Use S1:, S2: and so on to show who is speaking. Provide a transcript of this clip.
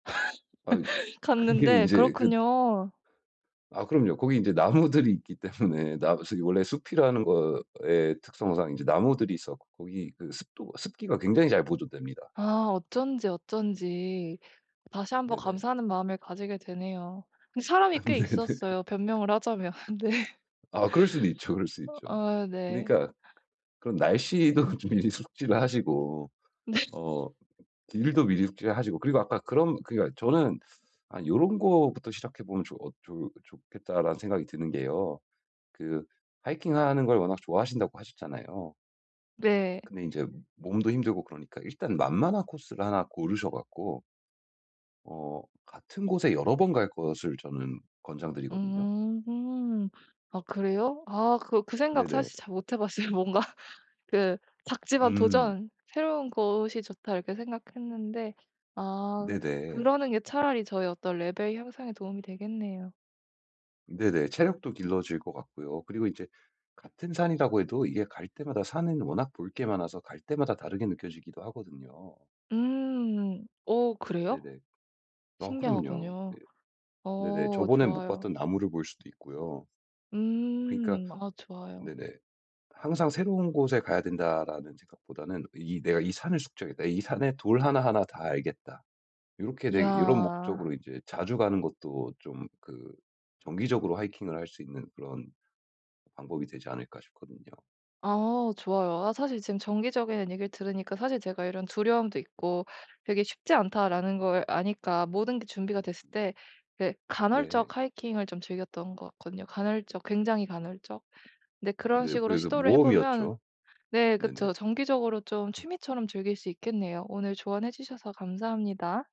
S1: 아이 그게
S2: 갔는데
S1: 인제 그
S2: 그렇군요.
S1: 아 그럼요. 거기 인제 나무들이 있기 때문에 나무 숲 원래 숲이라는 것의 특성상 인제 나무들이 있었고 이 그 습도 습기가 굉장히 잘 보존됩니다.
S2: 아. 어쩐지, 어쩐지. 다시 1 번
S1: 네네.
S2: 감사하는 마음을 가지게 되네요. 근데 사람이 꽤
S1: 근데 네.
S2: 있었어요 변명을 하자면. 네.
S1: 아 그럴 수도 있죠, 그럴수 있죠.
S2: 아 네.
S1: 그니까 그런 날씨에도 그 미리미리 숙지를 하시고
S2: 네.
S1: 어 길도 미리 숙지를 하시고. 그리고 아까 그런 그니까 저는 '아 요런 것부터 시작해 보면 좋았 좋 좋겠다.'라는 생각이 드는게요. 그 하이킹하는 걸 워낙 좋아하신다고 하셨잖아요.
S2: 네.
S1: 근데 인제 몸도 힘들고 그러니까 일단 만만한 코스를 하나 고르셔 갖고 어 같은 곳에 여러 번 갈 것을 저는 권장 드리거든요.
S2: 음. 아 그래요? 아 그 그 생각
S1: 네네.
S2: 사실 잘 못 해 봤어요. 뭔가 그 '작지만
S1: 음.
S2: 도전! 새로운 곳이 좋다.' 이렇게 생각했는데 아. 그럼
S1: 네네.
S2: 그러는 게 차라리 저의 어떤 레벨 향상에 도움이 되겠네요.
S1: 네네. 체력도 길러질 것 같고요. 그리고 인제 같은 산이라고 해도 이게 갈 때마다 산은 워낙 볼 게 많아서 갈 때마다 다르게 느껴지기도 하거든요.
S2: 음. 어 그래요?
S1: 네네. 아 그럼요.
S2: 신기하군요.
S1: 네. 네네.
S2: 어.
S1: 저번엔 못
S2: 좋아요.
S1: 봤던 나무를 볼 수도 있고요. 그러니까
S2: 음. 아 좋아요.
S1: 네네 '항상 새로운 곳에 가야 된다.'라는 생각 보다는 이게 '내가 이 산을 숙지하겠다. 이 산에 돌 하나하나 다 알겠다.' 요렇게 되기 '요런
S2: 이야.
S1: 목적으로 인제 자주 가는 것도 좀 그 정기적으로 하이킹을 할 수 있는 그런 방법이 되지 않을까.' 싶거든요.
S2: 아. 좋아요. 아 사실 지금 정기적이란 얘기를 들으니까 사실 제가 이런 두려움도 있고 '되게 쉽지 않다.'라는 걸 아니까 모든게 준비가 됐을 때 예
S1: 네.
S2: 간헐적 하이킹을 좀 즐겼던 것 같거든요. 간헐적 굉장히 간헐적. 근데 그런
S1: 네.
S2: 식으로
S1: 그래서
S2: 시도를 해 보면
S1: 모험이었죠.
S2: 네.
S1: 네네.
S2: 그쵸. 정기적으로 좀 취미처럼 즐길 수 있겠네요. 오늘 조언해 주셔서 감사합니다.